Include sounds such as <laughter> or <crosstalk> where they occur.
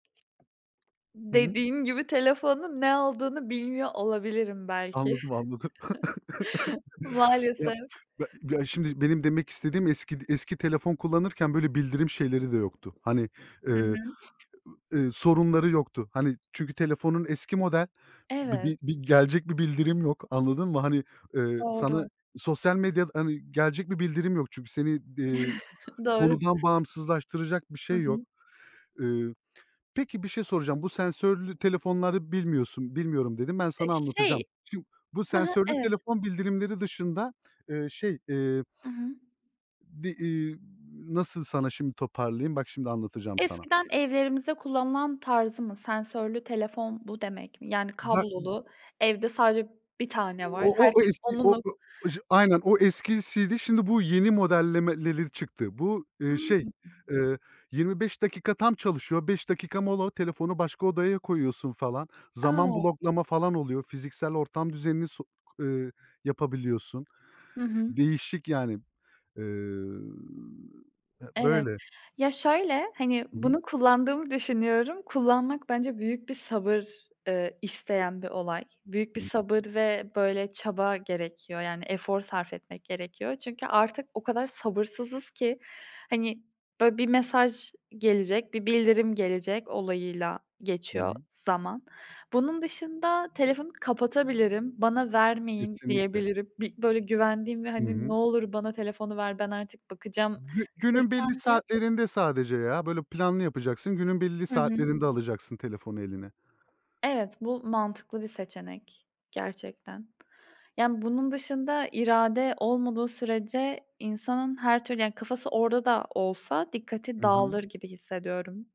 Hı hı. Dediğin gibi, telefonun ne olduğunu bilmiyor olabilirim, belki. Anladım, anladım. <chuckles> <chuckles> Ya, Maalesef. be ya, şimdi benim demek istediğim, eski d eski telefon kullanırken böyle bildirim şeyleri de yoktu. Hani, Hı ııı, hı. ııı, sorunları yoktu. Hani, çünkü telefonun eski model. Bir Evet. bir bir gelecek bir bildirim yok. Anladın mı? Hani, ııı, sana Doğru. sosyal medyada, hani, gelecek bir bildirim yok çünkü seni, eee, <chuckles> Doğru. konudan bağımsızlaştıracak bir Hı şey yok. hı. Iıı, peki, bir şey soracağım. Bu sensörlü telefonları bilmiyorsun, bilmiyorum dedin. Ben Eee, sana şey anlatacağım. Şimdi, bu Hı hı, sensörlü evet. telefon bildirimleri dışında, ııı, şey, eee Hı hı. Bir, iii, nasıl sana şimdi toparlayayım? Bak, şimdi anlatacağım sana. Eskiden evlerimizde kullanılan tarzı mı? Sensörlü telefon, bu demek mi? Yani Ba kablolu. Evde sadece 1 tane var. O o o o Herkes eski onu mu <unintelligible> aynen, o eskisiydi. Şimdi bu yeni modellemeleri çıktı. Bu, ııı, şey, <unintelligible> ııı, 25 dakika tam çalışıyor. 5 dakika mola, telefonu başka odaya koyuyorsun, falan. Zaman A! bloklama falan oluyor. Fiziksel ortam düzenini so k ııı, yapabiliyorsun. Hı hı. Değişik yani. Iıı, e, Evet. böyle. Ya şöyle, hani, Hı hı. bunu kullandığımı düşünüyorum. Kullanmak bence büyük bir sabır, ııı, isteyen bir olay. Büyük bir sabır <unintelligible> ve böyle çaba gerekiyor, yani efor sarf etmek gerekiyor. Çünkü artık o kadar sabırsızız ki, hani, böyle, "bir mesaj gelecek, bir bildirim gelecek" olayıyla Hı geçiyor hı. zaman. Bunun dışında telefonu kapatabilirim, "bana vermeyin" Kesinlikle. diyebilirim. Bir, böyle, güvendiğim ve Hı hani "Ne hı. olur bana telefonu ver, ben artık bakacağım." Gü günün belli desem de saatlerinde sadece, ya. Böyle, planlı yapacaksın. Günün belli Hı hı. saatlerinde alacaksın telefonu eline. Evet, bu mantıklı bir seçenek, gerçekten. Yani, bunun dışında, irade olmadığı sürece, insanın her türlü, yani kafası orada da olsa dikkati Hı hı. dağılır gibi, hissediyorum.